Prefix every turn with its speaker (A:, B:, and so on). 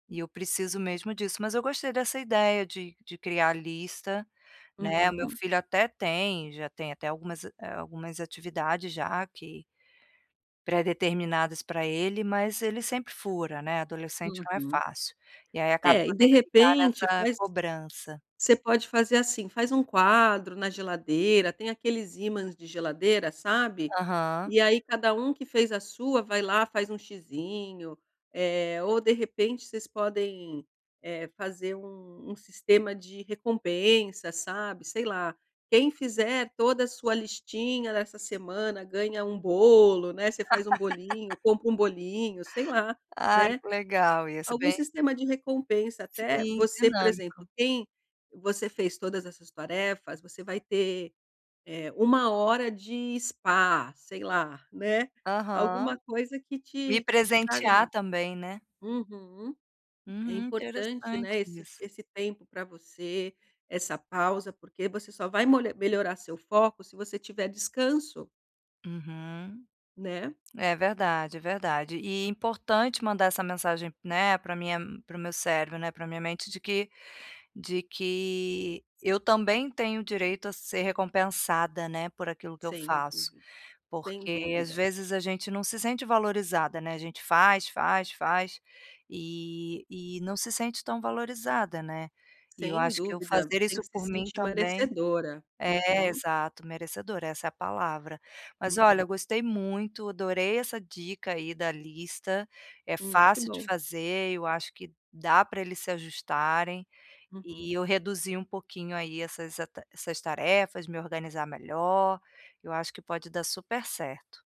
A: E eu preciso mesmo disso. Mas eu gostei dessa ideia de de criar a lista, né? O meu
B: Uhum.
A: filho até tem já tem até algumas algumas atividades já, que predeterminadas pra ele, mas ele sempre fura, né. Adolescente não é
B: Uhum.
A: fácil. E aí acaba
B: É.
A: que
B: E,
A: eu
B: de
A: tenho que ficar
B: repente,
A: nessa
B: faz
A: cobrança.
B: Você pode fazer assim. Faz um quadro na geladeira tem aqueles ímãs de geladeira, sabe?
A: Aham.
B: E aí, cada um que fez a sua, vai lá, faz um xizinho, eh, ou de repente vocês podem, eh, fazer um um sistema de recompensa, sabe, sei lá. Quem fizer toda a sua listinha dessa semana, ganha um bolo, né, você faz um bolinho, compra um bolinho, sei lá,
A: Ai,
B: né.
A: que legal isso.
B: Algum
A: Bem
B: sistema de recompensa, até
A: Sim,
B: você por exemplo,
A: dinâmico.
B: quem você fez todas as suas tarefas, você vai ter, eh, 1h de spa, sei lá, né?
A: Aham.
B: Alguma coisa que
A: Me
B: te que te traga uma
A: presentear também, né?
B: uhum. É
A: Uhum,
B: importante,
A: interessante
B: né, esse
A: isso.
B: esse tempo pra você, essa pausa, porque você só vai molha melhorar seu foco se você tiver descanso.
A: Uhum.
B: Né?
A: É verdade, é verdade. E, importante mandar essa mensagem, né, pra minha m para o meu cérebro, né, pra minha mente de que de que eu também tenho direito a ser recompensada, né, por aquilo que eu
B: Sem
A: faço.
B: dúvida. Sem
A: Porque, às
B: dúvida.
A: vezes, a gente não se sente valorizada, né? A gente faz, faz, faz, e e não se sente tão valorizada, né? E eu
B: Sem
A: acho que eu
B: dúvida.
A: fazer
B: Tem
A: isso
B: que se
A: por mim,
B: sentir
A: também.
B: merecedora.
A: É,
B: Uhum.
A: exato, merecedora, essa é a palavra. Mas olha,
B: Uhum.
A: eu gostei muito, adorei essa dica aí da lista. É
B: Hum, que
A: fácil de
B: bom!
A: fazer, eu acho que dá pra eles se ajustarem,
B: Uhum.
A: e eu reduzir um pouquinho aí essas ata essas tarefas, me organizar melhor. Eu acho que pode dar super certo.